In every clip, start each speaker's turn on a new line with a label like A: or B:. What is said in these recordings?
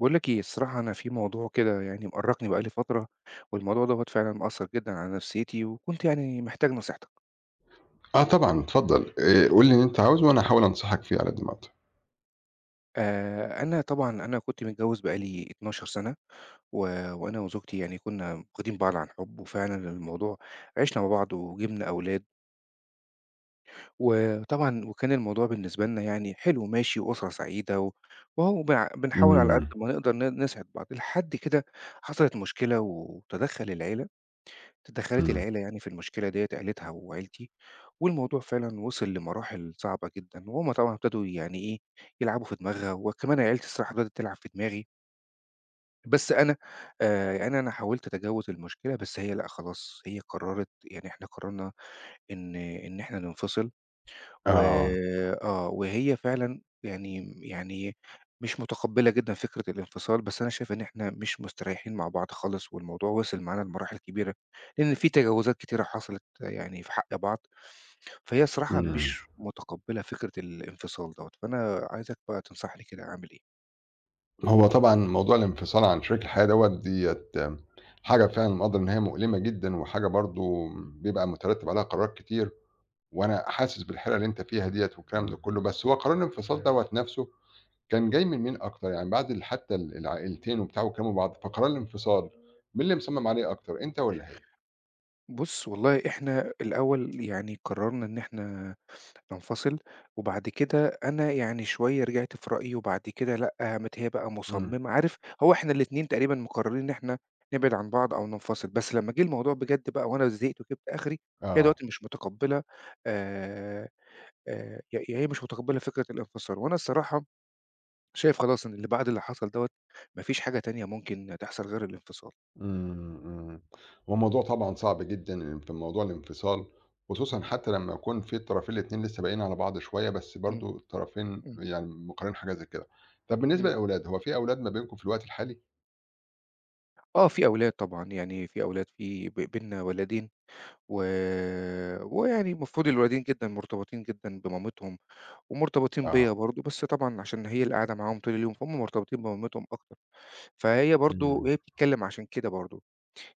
A: باقول لَك إيه، الصراحة أنا في موضوع كده يعني مأرّقني بقى لي فترة، والموضوع دوّة فعلًا مأثّر جدًا على نفسيتي وكنت يعني محتاج نصيحتَك.
B: آه طبعًا اتفضّل آآ، قُل لي اللي أنت عاوزه وإنا هاحاول أنصحَك فيها على قد ما أقدر.
A: آآ، أنا طبعًا أنا كنت متجوّز بقالي 12 سنة، و وأنا وزوجتي يعني كنّا واخدين بعض عن حُب، وفعلًا الموضوع عشنا مع بعض وجِبنا أولاد. وطبعًا وكان الموضوع بالنسبة لنا يعني حلو وماشي وأسرة سعيدة و وأهو بنع بنحاول على قد
B: إمم.
A: ما نقدر ن نسعد بعض، لحد كده حصلت مشكلة وتدخل العيلة اتدخلت
B: إمم.
A: العيلة يعني في المشكلة ديّة، عليتها وعيلتي والموضوع فعلًا وصل لمراحل صعبة جدًا وهُم طبعًا ابتدوا يعني إيه يلعبوا في دماغها، وكمان عيلتي الصراحة بدأت تلعب في دماغي. بس أنا آآ يعني أنا حاولت أتجاوز المشكلة، بس هي لأ خلاص، هي قررت يعني إحنا قررنا إن إن إحنا ننفصل. و
B: آه.
A: آه وهي فعلًا يعني يعني مش متقبلة جدًا فكرة الانفصال، بس أنا شايف إن إحنا مش مستريحين مع بعض خالص، والموضوع وصل معانا لمراحل كبيرة، لإن في تجاوزات كتيرة حصلت يعني في حق بعض فهي الصراحة
B: إمم.
A: مش متقبلة فكرة الانفصال دوّة فأنا عايزَك بقى تنصحني كده أعمل إيه؟
B: هو طبعًا موضوع الانفصال عن شريك الحياة دوّة، ديّة حاجة فعلًا مقدّر إن هي مؤلمة جدًا وحاجة برضه بيبقى مترتِّب عليها قرارات كتير وأنا حاسس بالحيرة اللي أنت فيها ديّة والكلام ده كُلّه، بس هو قرار الانفصال دوّة نَفْسه كان جاي من مين أكتر؟ يعني بعد ال حتّى ال العائلتين وبتاع وكلِّمه بعض، فقرار الانفصال مين اللي مصمِّم عليه أكتر؟ أنت والّا هي؟
A: بُص، والله إحنا الأول يعني قرَّرنا إن إحنا ننفصِل وبعد كده أنا يعني شوية رجعت في رأيي وبعد كده لأ، قامت هي بقى
B: إمم.
A: مصمِّمة.عارف، هو إحنا الاتنين تقريبًا مقرَّرين إن إحنا نبعِد عن بعض أو ننفصل، بس لمّا جِه الموضوع بجد بقى وأنا زهقت وجِبت آخري، هي
B: آه.
A: دلوقتي مش مُتقبِّلة آآ آآ ي يعني هي مش مُتقبّلِة فكرة الانفصال وأنا الصراحة شايف خلاص إن اللي بعد اللي حصل دوّة ما فيش حاجة تانية ممكن تحصل غير الانفصال.
B: إمم، إمم. هو موضوع طبعًا صعب جدًا، إن في موضوع الانفصال، خصوصًا
A: إمم.
B: حتّى لمّا يكون فيه الطرفين الاتنين لسّه باقيين على بعض شوية، بس
A: إمم.
B: برضه الطرفين
A: إمم.
B: يعني مقرَّرين حاجة زي كده. طَب بالنسبة
A: إمم.
B: للأولاد، هو فيه أولاد ما بينكم في الوقت الحالي؟
A: آه، في أولاد طبعًا. يعني في أولاد، في ب بيننا ولَدين و ويعني المفروض الولدين جدًا مرتبطين جدًا بمامتهم ومرتبطين بيّا
B: آه.
A: برضه، بس طبعًا عشان هي اللي قاعدة معاهم طول اليوم، فهُم مرتبطين بمامتهم أكتر. فهي برضه
B: إمم.
A: وهي بتتكلِّم عشان كده برضه،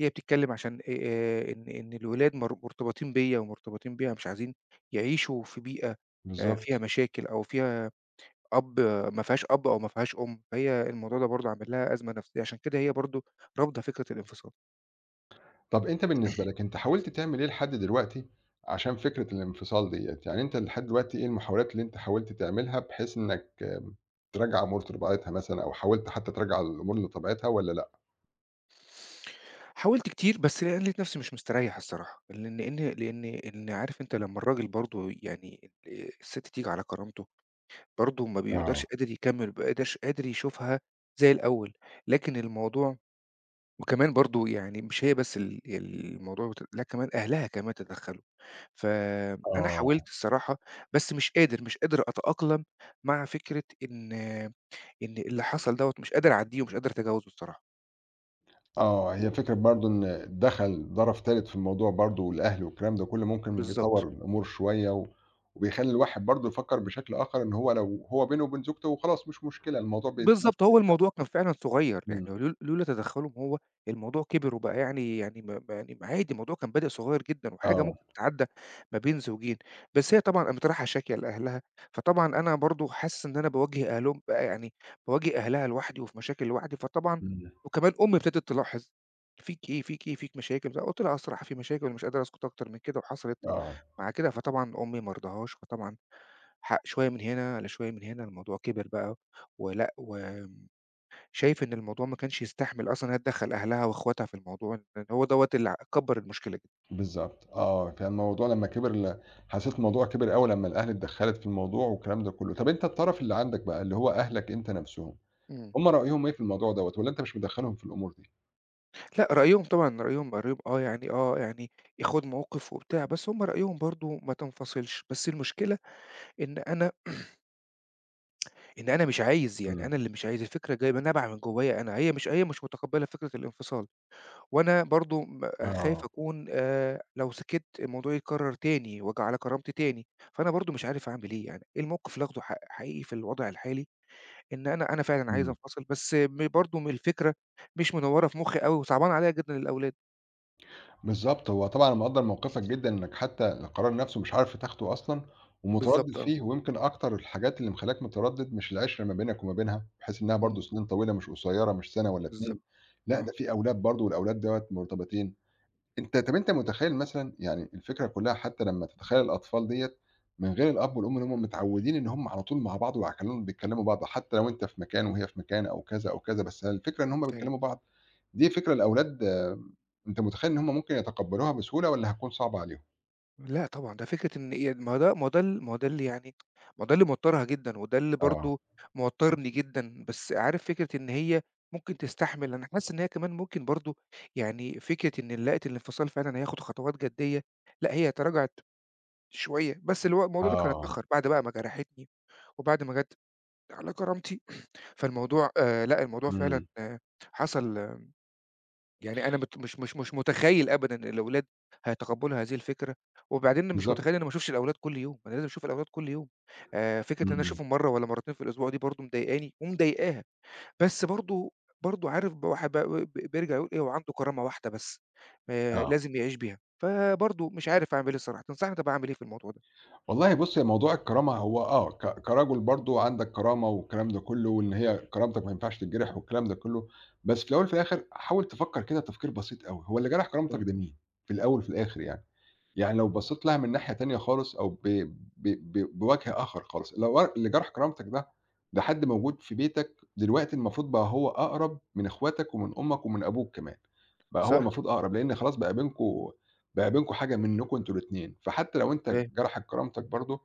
A: هي بتتكلِّم عشان آآ إن إن الولاد مر مرتبطين بيّا ومرتبطين بيها، مش عايزين يعيشوا في بيئة آآ فيها
B: بالضبط.
A: مشاكل أو فيها أب ما فيهاش أب أو ما فيهاش أم، فهي الموضوع ده برضه عامل لها أزمة نَفْسيّة، عشان كده هي برضه رافضة فكرة الانفصال.
B: طَب أنت بالنسبة لك أنت حاولت تعمل إيه لحد دلوقتي عشان فكرة الانفصال ديّة؟ يعني أنت لحد دلوقتي إيه المحاولات اللي أنت حاولت تعملها بحيث إنّك ترجّع أمور لطبيعتها مثلًا أو حاولت حتّى ترجّع الأمور لطبيعتها والّا لأ؟
A: حاولت كتير، بس لقيت نَفْسي مش مستريّح الصراحة. لن إن لإن إن عارف أنت لمّا الراجل برضه يعني آآ السِت تيجي على كرامته، برضه ما
B: آه.
A: بيبقدرش قادر يكمِّل، ما بيبقاش قادر يشوفها زي الأول. لكن الموضوع وكمان برضه يعني مش هي بس ال الموضوع بت لا كمان أهلها كمان تدخَّلوا. فأنا
B: آه.
A: حاولت الصراحة، بس مش قادر، مش قادر أتأقلم مع فكرة إن إن اللي حصل دوّة مش قادر أعدّيه ومش قادر أتَجاوزه الصراحة.
B: آه، هي فكرة برضه إن دَخَل طَرَف تالت في الموضوع برضه والأهل والكلام ده كُلّه ممكن بيطوّر
A: بالضبط.
B: الأمور شوية و وبيخلّي الواحد برضه يفكّر بشكل آخَر إن هو لو هو بينه وبين زوجته خلاص مش مشكلة، الموضوع بت
A: بالضبط،
B: ممكن
A: هو
B: يتحَل.
A: الموضوع كان فعلًا صغيّر، يعني
B: إمم.
A: لو لولا تدخّلهم هو الموضوع كِبِر وبقى يعني يعني ما ما يعني ما يعني عادي الموضوع كان بادئ صغير جدًا وحاجة
B: آه.
A: ممكن تتعدّى ما بين زوجين، بس هي طبعًا قامت رايحة شاكية لأهلها، فطبعًا أنا برضه حاسس إن أنا بَاواجه أهلهم بقى يعني، بَاواجه أهلها لوحدي وفي مشاكل لوحدي، فطبعًا
B: إمم.
A: وكمان أمي ابتدت تلاحظ "فيك إيه؟ فيك إيه؟ فيك مشاكل؟" فقُلت لها "أه الصراحة في مشاكل ومش قادر أسكُت أكتر من كده، وحصلت
B: آه.
A: مع كده". فطبعًا أمي ما رضهاش، فطبعًا حق شوية من هنا على شوية من هنا، الموضوع كِبِر بقى ولأ، و شايف إن الموضوع ما كانش يستحمل أصلًا هي تدخَّل أهلها وإخواتها في الموضوع إن إن هو دوّة اللي ع كبَّر المشكلة ج
B: بالضبط. آه، كان الموضوع لمّا كِبِر ل حسّيت الموضوع كِبِر أوي لمّا الأهل اتدخَّلت في الموضوع والكلام ده كُلّه. طَب أنت الطَرَف اللي عندك بقى اللي هو أهلك أنت نَفْسهم،
A: إمم.
B: هم رأيهم إيه في الموضوع دوّة؟ والّا أنت مش مدخَّلهم في الأمور دي؟
A: لأ، رأيهم طبعًا رأيهم بارب آه يعني آه، يعني ياخُد موقِف وبتاع، بس هم رأيهم برضه ما تنفصلش، بس المشكلة إن أنا إن أنا مش عايز، يعني
B: إمم.
A: أنا اللي مش عايز، الفكرة جاية ب نابعة من جوّايا أنا، هي مش هي مش متقبِّلة فكرة الانفصال وأنا برضه م خايف
B: آه.
A: أكون آآ لو سِكِت الموضوع يتكرّر تاني وآجي على كرامتي تاني، فأنا برضه مش عارف أعمل إيه يعني إيه الموقف اللي آخده ح حقيقي في الوضع الحالي؟ إن أنا أنا فعلًا عايز
B: إمم.
A: أنفصل، بس م برضه الفكرة مش منوّرة في مُخّي أوي، وصعبانة عليّا جدًا الأولاد.
B: بالضبط. هو طبعًا أنا مقدّر موقفِك جدًا إنَّك حتّى القرار نَفْسه مش عارف تاخده أصلًا ومتردِّد
A: بالضبط آه.
B: فيه ويمكن أكتر الحاجات اللي مخلّياك متردّد مش العِشرة ما بينَك وما بينها، بحيث إنّها برضه
A: إمم.
B: سِنين طويلة مش قصيرة، مش سَنة والّا 2
A: بالضبط،
B: لأ، ده
A: آه.
B: فيه أولاد برضه والأولاد دوّة مرتبطين. أنت طَب أنت متخيّل مثلًا يعني الفكرة كُلّها حتّى لمّا تتخيّل الأطفال ديّة من غير الأب والأم اللي هم متعوِّدين إن هم على طول مع بعض وعلى كل بيكلمِّوا بعض، حتّى لو أنت في مكان وهي في مكان أو كذا أو كذا، بس هي الفكرة إن هم
A: فاهم.
B: بيكلِّموا بعض، دي فكرة الأولاد أنت متخيّل إن هم ممكن يتقبَّلوها بسهولة والّا هتكون صعبة عليهم؟
A: لأ طبعًا، ده فكرة إن هي ي ما ده ما ده اللي يعني ما ده اللي موترها جدًا، وده اللي
B: آه.
A: برضه موترني جدًا بس عارف فكرة إن هي ممكن تستحمل، أنا حاسس إن هي كمان ممكن برضه يعني فكرة إن لقت الانفصال فعلًا هياخد خطوات جدّيّة، لأ هي تراجعت شوية بس اللي هو الموضوع ده كان
B: آه.
A: اتأخّر بعد بقى ما جرحتني، وبعد ما جات على كرامتي فالموضوع، آآ لأ الموضوع
B: إمم.
A: فعلًا حصل يعني أنا مت مش مش مش متخيّل أبدًا الأولاد هيتقبلوا هذه الفكرة. وبعدين مش متخيّل إن
B: بالضبط.
A: أنا ما أشوفش الأولاد كل يوم أنا لازم أشوف الأولاد كل يوم، آآ فكرة إن أنا
B: إمم.
A: أشوفهم مرّة والّا مرتين في الأسبوع دي برضه مضايقاني ومضايقاها. بس برضه برضه عارف ب الواحد بقى ب بيرجع يقول إيه هو عنده كرامة واحدة بس آآ
B: آه.
A: لازم يعيش بيها. فبرضه مش عارف أعمل إيه صراحة تنصحني طيب أنا أعمل إيه في الموضوع ده؟
B: والله بُص هي موضوع الكرامة هو آه ك كرجل برضه عندَك كرامة والكلام ده كُلّه، وإن هي كرامتَك ما ينفعش تتجرح والكلام ده كُلّه، بس في الأول وفي الآخر حاول تفكّر كده تفكير بسيط أوي هو اللي جرح
A: صح.
B: كرامتَك ده مين؟ في الأول وفي الآخر يعني، يعني لو
A: إمم.
B: بصّيت لها من ناحية تانية خالص أو ب ب ب بوجه آخر خالص لو اللي جرح كرامتَك ده ده حد موجود في بيتك، دلوقتي المفروض بقى هو أقرب من إخواتَك ومن أمَّك ومن أبوك كمان. بقى هو
A: صح.
B: المفروض أقرب لأن خلاص بقى بينكم بقى بينكم حاجة منكم أنتم الاتنين. فحتّى لو أنت
A: فاهم.
B: جرحت كرامتَك برضه،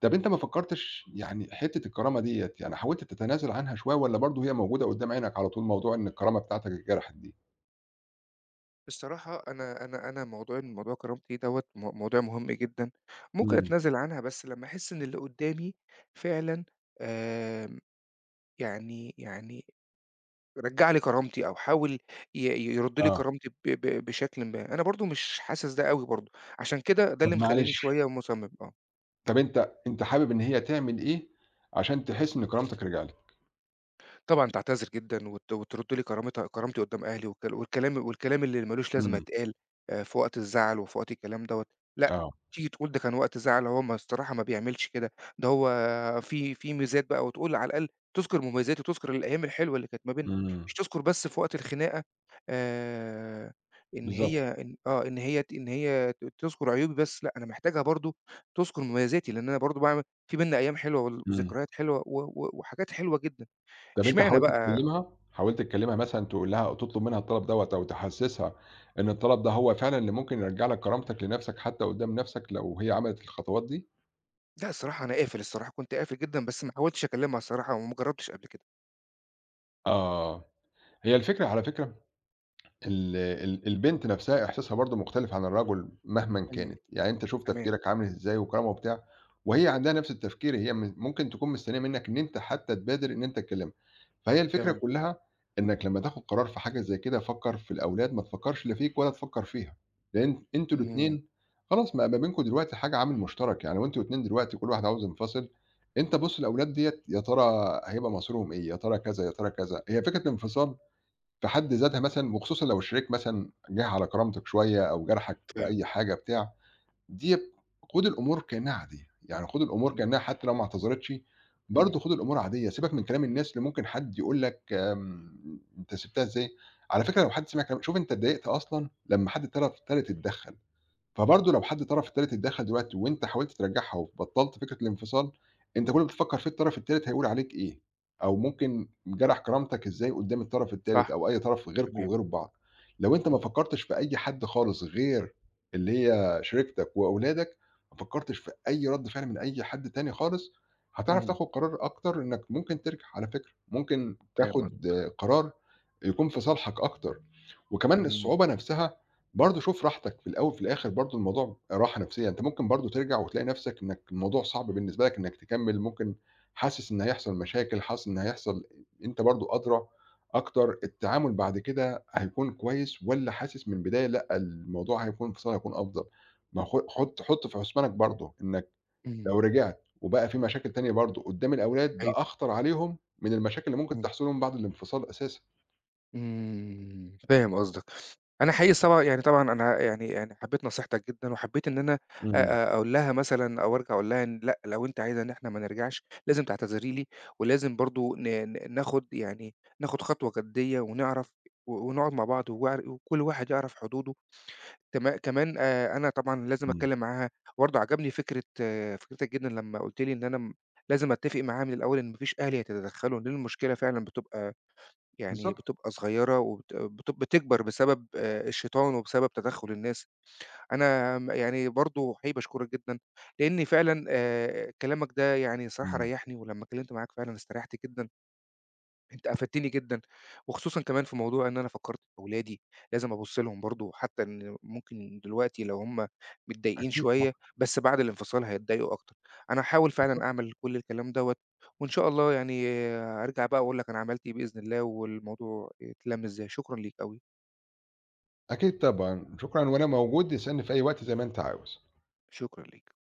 B: طَب أنت ما فكرتش يعني حتّة الكرامة ديّة يعني حاولت تتنازل عنها شوية والّا برضه هي موجودة قدام عينَك على طول؟ موضوع إن الكرامة بتاعتَك اتجرحت دي.
A: بصراحة أنا أنا أنا موضوع إن موضوع كرامتي دوّة م موضوع مهم جدًا، ممكن
B: إمم.
A: أتنازل عنها بس لمّا أحس إن اللي قدامي فعلًا آمم، يعني يعني رجَّع لي كرامتي أو حاول ي يرد لي
B: آه.
A: كرامتي ب ب بشكلٍ ما أنا برضه مش حاسس ده أوي برضه عشان كده ده
B: طب
A: اللي مخلّيني
B: معلش.
A: شوية مصمم، آه.
B: طب أنت أنت حابب إن هي تعمل إيه عشان تحس إن كرامتَك رجعلَك؟
A: طبعًا تعتذر جدًا وت وترد لي كرامتها كرامتي قدام أهلي والكلا والكلام والكلام اللي مالوش لازمة
B: إمم.
A: اتقال آآ في وقت الزعل وفي وقت الكلام دوّة. لأ،
B: آه.
A: تيجي تقول ده كان وقت زعل هو ما الصراحة ما بيعملش كده ده هو فيه فيه ميزات بقى وتقول على الأقل تذكر مميزاتي وتذكر الأيام الحلوة اللي كانت ما بيننا
B: إمم.
A: مش تذكر بس في وقت الخناقة آآ، إن
B: بالضبط.
A: هي إن آه إن هي ت إن هي ت تذكر عيوبي بس لأ، أنا محتاجها برضه تذكر مميزاتي لأن أنا برضو باعمل فيه بيننا أيام حلوة ول
B: إمم.
A: وذكريات حلوة و و وحاجات حلوة جدًا.
B: طَب أنت
A: اشمعنى
B: حاولت
A: بقى
B: تكلمها؟ حاولت تكلمها مثلًا تقول لها أو تطلب منها الطلب دوّة أو تحسسها إن الطلب ده هو فعلًا اللي ممكن يرجع لَك كرامتَك لنفسَك حتّى قدام نفسَك لو هي عملت الخطوات دي؟
A: لأ، الصراحة أنا قافل الصراحة، كنت قافل جدًا، بس ما حاولتش أكلِّمها الصراحة ومجرّبتش قبل كده.
B: آه. هي الفكرة على فكرة ال ال البنت نَفْسها إحساسها برضه مختلف عن الرجل مهمًا
A: إمم.
B: كانت. يعني أنت شوف
A: تمام.
B: تفكيرك عامل إزاي وكرامة وبتاع وهي عندها نَفْس التفكير هي م ممكن تكون مستنّية منّك إن أنت حتّى تبادِر إن أنت تكلِّمها. فهي الفكرة
A: تمام.
B: كُلّها إنَّك لمّا تاخُد قرار في حاجة زي كده فكّر في الأولاد ما تفكّرش لا فيك ولا تفكّر فيها، لإن أنتم
A: إمم.
B: الاتنين خلاص ما بقى بينكم دلوقتي حاجة عامل مُشترَك. يعني لو أنتم الاتنين دلوقتي وكل واحد عاوز ينفصِل، أنت بُص للأولاد ديّة يا ترى هيبقى مصيرهم إيه؟ يا ترى كذا، يا ترى كذا. هي فكرة الانفصال في حد ذاتها مثلًا وخصوصًا لو الشريك مثلًا جِه على كرامتك شوية أو جَرحَك في
A: فاهم.
B: أي حاجة بتاع، ديَّة خُد الأمور كإنّها عادية، يعني خُد الأمور
A: إمم.
B: كإنّها حتّى لو ما اعتذرتش
A: إمم.
B: برضه خُد الأمور عاديّة، سيبك من كلام الناس اللي ممكن حد يقول لك م أنت سِبتها إزاي؟ على فكرة لو حد سمع كلام شوف أنت اتضايقت أصلًا لمّا حد الطَرَف التالت اتدخَّل، فبرضه لو حد طَرَف تالت اتدخَّل دلوقتي وأنت حاولت ترجَّعها وبطَّلت فكرة الانفصال، أنت كل اللي بتفكّر فيه الطرف التالت هيقول عليك إيه، أو ممكن جَرَح كرامتك إزاي قُدّام الطَرَف التالت
A: صح.
B: أو أي طَرَف غيركم
A: تمام.
B: وغير بعض. لو أنت ما
A: إمم.
B: فكّرتش في أي حد خالص غير اللي هي شريكتك وأولادك، ما فكّرتش في أي رَد فِعل من أي حد تاني خالص، هتعرف
A: إمم.
B: تاخُد قرار أكتر إنّك ممكن ترجع على فكرة ممكن
A: فاهم قصد
B: تاخُد قرار يكون في صالحك أكتر وكمان
A: إمم.
B: الصعوبة نَفْسها برضه شوف راحتك في الأول وفي الآخِر برضه الموضوع راحة نَفْسيّة، أنت ممكن برضه ترجع وتلاقي نَفْسك إنّك الموضوع صعب بالنسبة لك إنّك تكمِّل، ممكن حاسس إن هيحصل مشاكل، حاسس إن هيحصل أنت برضه أدرى أكتر التعامل بعد كده هيكون كويس والّا حاسس من البداية لأ، الموضوع هيكون انفصال هيكون أفضل. ما خ حُط حُط في حُسبانك برضه إنّك
A: إمم.
B: لو رجعت وبقى فيه مشاكل تانية برضه قُدّام الأولاد، ده
A: أيوه.
B: أخطر عليهم من المشاكل اللي ممكن
A: إمم.
B: تحصل لهم بعد الانفصال أساسًا.
A: إمم، فاهم قصدك. أنا حقيقي صب يعني طبعًا أنا يعني يعني حبّيت نصيحتك جدًا وحبّيت إن أنا
B: إمم.
A: آآ أقول لها مثلًا أو أرجع أقول لها إن لأ، لو أنتِ عايزة إن إحنا ما نرجعش، لازم تعتذري لي ولازم برضه ن ن ناخُد يعني ناخُد خطوة جدّية ونعرف و ونقعُد مع بعض وعر وكل واحد يعرف حدوده. تم كمان آآ أنا طبعًا لازم
B: إمم.
A: أتكلِّم معاها وبرضه عجبني فكرة فكرتك جدًا لمّا قُلت لي إن أنا م لازم أتّفق معاها من الأول إن ما فيش أهل يتدخَّلوا، لإن المشكلة فعلًا بتبقى يعني
B: بالضبط.
A: بتبقى صغيرة وبت بتب بتكبر بسبب آآ الشيطان وبسبب تدخُّل الناس. أنا م يعني برضه حقيقي باشكرك جدًا لإنّي فعلًا آآ كلامك ده يعني الصراحة
B: إمم.
A: ريّحني ولمّا اتكلِّمت معاك فعلًا استريّحت جدًا. أنت أفدتني جدًا وخصوصًا كمان في موضوع إن أنا فكّرت في أولادي، لازم أبُص لهم برضه وحتّى إن ممكن دلوقتي لو هم متضايقين
B: أكيد طبعًا.
A: شوية بس بعد الانفصال هيتضايقوا أكتر. أنا هاحاول فعلًا
B: بالضبط.
A: أعمل كل الكلام دوّة وإن شاء الله يعني أرجع بقى وأقول لك أنا عملت إيه بإذن الله والموضوع اتلَّم إزاي، شكرًا ليك أوي.
B: أكيد طبعًا. شكرًا وأنا موجود اسألني في أي وقت زي ما أنت عاوز.
A: شكرًا ليك.